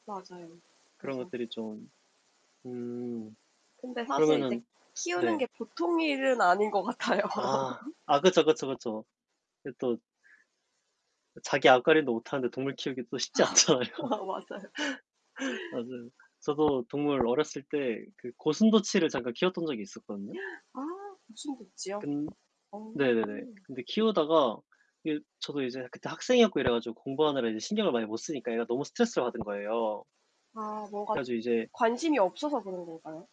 맞아요. 그런 그래서 것들이 좀 음. 근데 사실 이제 그러면은 키우는 네. 게 보통 일은 아닌 것 같아요. 아. 아 그쵸, 그쵸, 그쵸. 그 또 자기 앞가림도 못하는데 동물 키우기도 또 쉽지 않잖아요. 맞아요. 맞아요. 저도 동물 어렸을 때 그 고슴도치를 잠깐 키웠던 적이 있었거든요. 아 고슴도치요? 근 어. 네네네. 근데 키우다가 이게 저도 이제 그때 학생이었고 이래 가지고 공부하느라 이제 신경을 많이 못 쓰니까 얘가 너무 스트레스를 받은 거예요. 아 뭔가 그래 가지고 이제 관심이 없어서 그런 건가요?